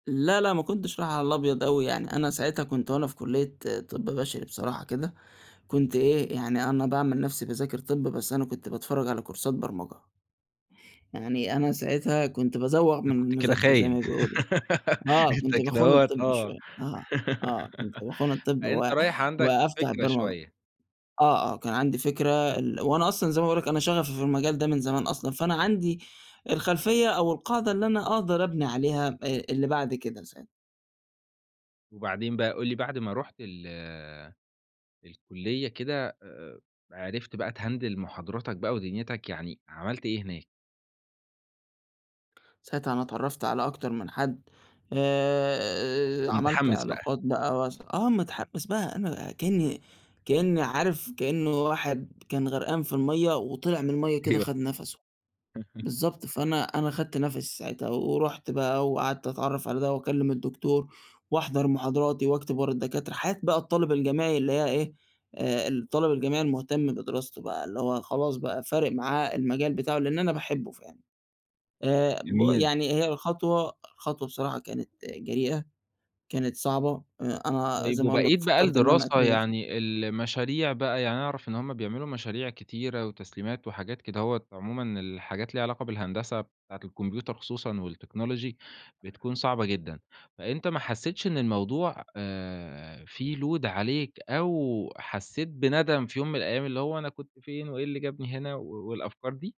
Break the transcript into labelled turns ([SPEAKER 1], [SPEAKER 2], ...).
[SPEAKER 1] لأ، لأ، ما كُنتش رايح على الأبيض أوي يعني أنا ساعتها كُنت وأنا في كلية طِب بشري بصراحة كده، كُنت إيه يعني أنا باعمل نَفْسي باذاكر طِب بس أنا كُنت باتفرج على كورسات برمجة. يعني أنا ساعتها كُنت بازوغ من
[SPEAKER 2] أنت كنت كده
[SPEAKER 1] المذاكرة زي
[SPEAKER 2] خاين،
[SPEAKER 1] ما بيقولوا، آه،
[SPEAKER 2] أنت
[SPEAKER 1] كُنت
[SPEAKER 2] كده
[SPEAKER 1] باخون
[SPEAKER 2] أهوّة
[SPEAKER 1] الطِب
[SPEAKER 2] آه،
[SPEAKER 1] شويّة، آه، آه كُنت باخون الطِب
[SPEAKER 2] فأنت
[SPEAKER 1] و
[SPEAKER 2] رايح عندك،
[SPEAKER 1] وأفتح
[SPEAKER 2] فكرة
[SPEAKER 1] البرمجة،
[SPEAKER 2] شويّة.
[SPEAKER 1] آه، آه، كان عندي فكرة ال وأنا أصلًا زي ما باقول لك أنا شغفي في المجال ده من زمان أصلًا فأنا عندي، الخلفيّة أو القاعدة اللي أنا أقدر أبني عليها آآ، اللي بعد كده ساعتها.
[SPEAKER 2] وبعدين بقى قُل لي بعد ما رُحت ال الكلية كده آآ، عرفت بقى تهندل محاضراتك بقى ودنيتك يعني، عملت إيه هناك؟
[SPEAKER 1] ساعتها أنا اتعرفت على أكتر من حد، آآ
[SPEAKER 2] كُنت
[SPEAKER 1] آآ، عملت
[SPEAKER 2] مُتحمس بقى.
[SPEAKER 1] علاقات بقى واس آه مُتحمس بقى أنا كأني كأني عارف كأنّه واحد كان غرقان في المَيّة، وطلع من المَيّة كده
[SPEAKER 2] أيوه.
[SPEAKER 1] خد نَفْسه، بالضبط فأنا أنا خدت نفْسي ساعتها، ورُحت بقى وقعدت أتعرف على ده وأكلم الدكتور، وأحضر محاضراتي وأكتب ورا الدكاترة، حياة بقى الطالب الجامعي اللي هي إيه، آآ، الطالب الجامعي المهتم بدراسته بقى اللي هو خلاص بقى فارق معاه المجال بتاعه، لأن أنا باحبه فعلًا، آآ ب
[SPEAKER 2] جميل.
[SPEAKER 1] يعني هي الخطوة، الخطوة بصراحة كانت آآ، جريئة، كانت صعبة، آآ، أنا
[SPEAKER 2] طيب
[SPEAKER 1] زي ما أقول
[SPEAKER 2] وبقية
[SPEAKER 1] لك
[SPEAKER 2] بقى
[SPEAKER 1] فكرت إن أنا
[SPEAKER 2] الدراسة،
[SPEAKER 1] [unintelligible]
[SPEAKER 2] يعني المشاريع بقى يعني أعرف إن هُم بيعملوا مشاريع كتيرة وتسليمات وحاجات كدهوّة عمومًا الحاجات اللي ليها علاقة بالهندسة، بتاعة الكمبيوتر خصوصًا والتكنولوجي، بتكون صعبة جدًا، فأنت ما حسيتش إن الموضوع آآ، فيه load عليك أو حسّيت بندم في يوم من الأيّام اللي هو أنا كُنت فين وإيه اللي جابني هنا و والأفكار دي؟